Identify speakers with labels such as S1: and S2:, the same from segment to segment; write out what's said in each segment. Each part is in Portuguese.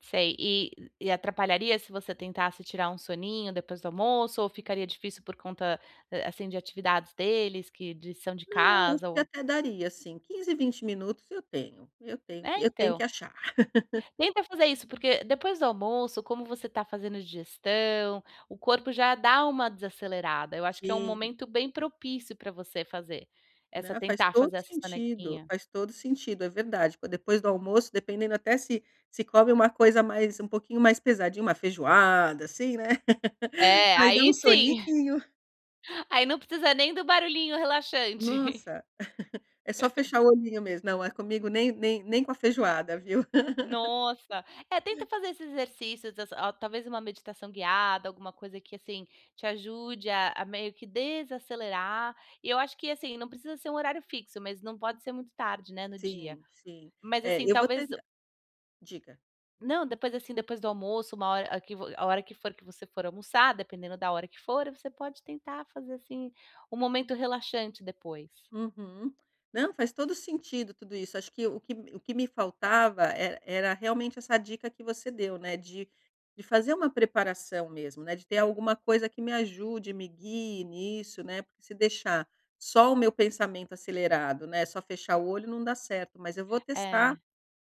S1: Sei, e e atrapalharia se você tentasse tirar um soninho depois do almoço ou ficaria difícil por conta, a assim, de atividades deles, que de lição de
S2: Não, isso
S1: casa ou
S2: até daria, assim, 15, 20 minutos eu tenho, eu tenho
S1: É,
S2: que eu tenho
S1: então
S2: que achar.
S1: tenta fazer isso, porque depois do almoço, como você tá fazendo a digestão, o corpo já dá uma desacelerada. Eu acho que é um
S2: Sim.
S1: momento bem propício pra você fazer essa
S2: Né, faz
S1: tentar
S2: todo
S1: fazer essa
S2: sentido,
S1: sonequinha.
S2: faz todo sentido. É verdade, tipo, depois do almoço dependendo até se se come uma coisa mais um pouquinho mais pesadinha, uma feijoada, assim, né,
S1: É,
S2: aí dá um
S1: aí sim.
S2: soninho.
S1: Aí não precisa nem do barulhinho relaxante.
S2: Nossa, é só fechar o olhinho mesmo, não. Eh, comigo nem nem nem com a feijoada, viu.
S1: Nossa. É, tenta fazer esses exercícios, desa a talvez uma meditação guiada, alguma coisa que, assim, te ajude a a meio que desacelerar. E eu acho que, assim, não precisa ser um horário fixo, mas não pode ser muito tarde, né, no dia.
S2: Sim, sim.
S1: Mas,
S2: É,
S1: assim,
S2: eu vou
S1: talvez
S2: tenta Diga.
S1: não, depois, assim, depois do almoço, uma hora a que vo a hora que for que você for almoçar, dependendo da hora que for, você pode tentar fazer, assim, um momento relaxante depois.
S2: Uhum. Não, faz todo o sentido tudo isso, acho que o me que o que me faltava era era realmente essa dica que você deu, né, de de fazer uma preparação mesmo, né, de ter alguma coisa que me ajude, me guie nisso, né, porque se deixar só o meu pensamento acelerado, né, só fechar o olho não dá certo. Mas eu vou testar
S1: É.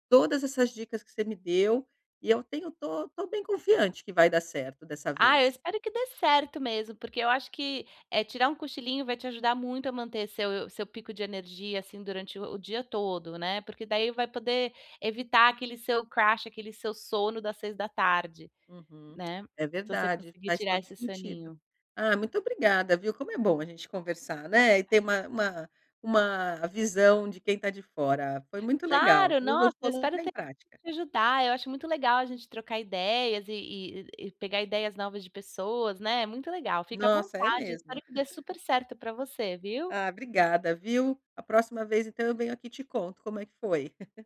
S2: todas essas dicas que você me deu, e eu tenho estou estou bem confiante que vai dar certo dessa
S1: Ah,
S2: vez.
S1: eu espero que dê certo mesmo, porque eu acho que, eh, tirar um cochilinho vai te ajudar muito a manter seu seu pico de energia, assim, durante o dia todo, né. Porque daí vai poder evitar aquele seu crash, aquele seu sono das 18:00,
S2: Uhum.
S1: né,
S2: É
S1: se você
S2: verdade,
S1: conseguir
S2: faz
S1: tirar
S2: todo o
S1: esse
S2: sentido.
S1: soninho.
S2: Ah, muito obrigada, viu. Como é bom a gente conversar, né, e ter uma uma uma visão de quem tá de fora. Foi muito legal,
S1: Claro, nossa,
S2: [unintelligible]
S1: espero
S2: em
S1: ter
S2: prática.
S1: te ajudar. Eu acho muito legal a gente trocar ideias e e e pegar ideias novas de pessoas, né. É muito legal, fica à
S2: Nossa, é
S1: vontade,
S2: mesmo.
S1: espero que dê super certo para você, viu?
S2: Ah, obrigada, viu. A próxima vez, então, eu venho aqui e te conto como é que foi.